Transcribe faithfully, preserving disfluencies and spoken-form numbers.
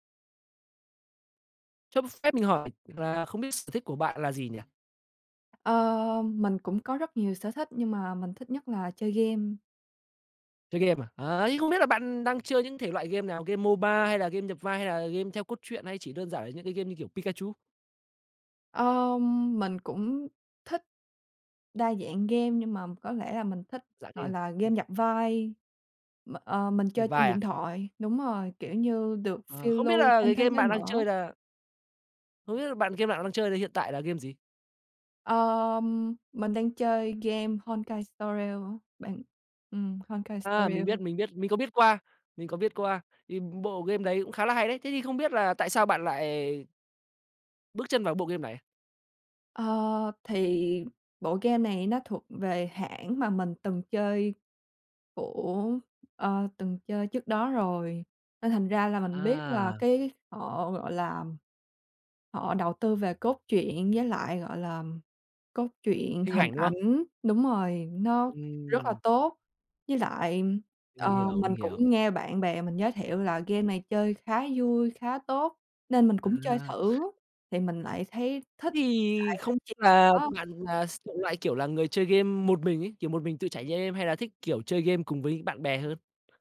Cho ph phép mình hỏi là không biết sở thích của bạn là gì nhỉ? Ơ, mình cũng có rất nhiều sở thích, nhưng mà mình thích nhất là chơi game. Chơi game à. À, ấy, không biết là bạn đang chơi những thể loại game nào, game MO-BA hay là game nhập vai, hay là game theo cốt truyện, hay chỉ đơn giản là những cái game như kiểu Pikachu? Ờm, mình cũng thích đa dạng game, nhưng mà có lẽ là mình thích, Dạng gọi game. là, game Ừm. nhập vai. M ờ, mình chơi Nhập trên vai điện à? thoại. Đúng rồi, kiểu như, được Ờ, phiêu không biết lưu là trên cái thế game giới bạn đang mở. chơi là Không biết là bạn game bạn đang chơi thì hiện tại là game gì? Ờm, mình đang chơi game Honkai: Star Rail bạn ừm, Honkai: Star À, mình Rail. biết, mình biết, mình có biết qua, mình có biết qua. Thì bộ game đấy cũng khá là hay đấy, thế thì không biết là tại sao bạn lại bước chân vào bộ game này? Ơ, thì bộ game này nó thuộc về hãng mà mình từng chơi của ơ, từng chơi trước đó rồi. Nên thành ra là mình biết là À! cái họ, gọi là, họ đầu tư về cốt truyện với lại, gọi là, cốt truyện, Hình hình ảnh, đúng không? ảnh. Đúng rồi, nó rất là Ừm. tốt. Với lại, Mình ờ, hiểu, mình mình cũng hiểu. nghe bạn bè mình giới thiệu là game này chơi khá vui, khá tốt, nên mình cũng chơi À. thử, thì mình lại thấy Thế thích thì tại nói không ch là [unintelligible] bạn là s [unintelligible] loại, kiểu là, người chơi game một mình ấy, kiểu, một mình trải nh êm, hay là thích, kiểu, chơi game cùng với bạn bè hơn?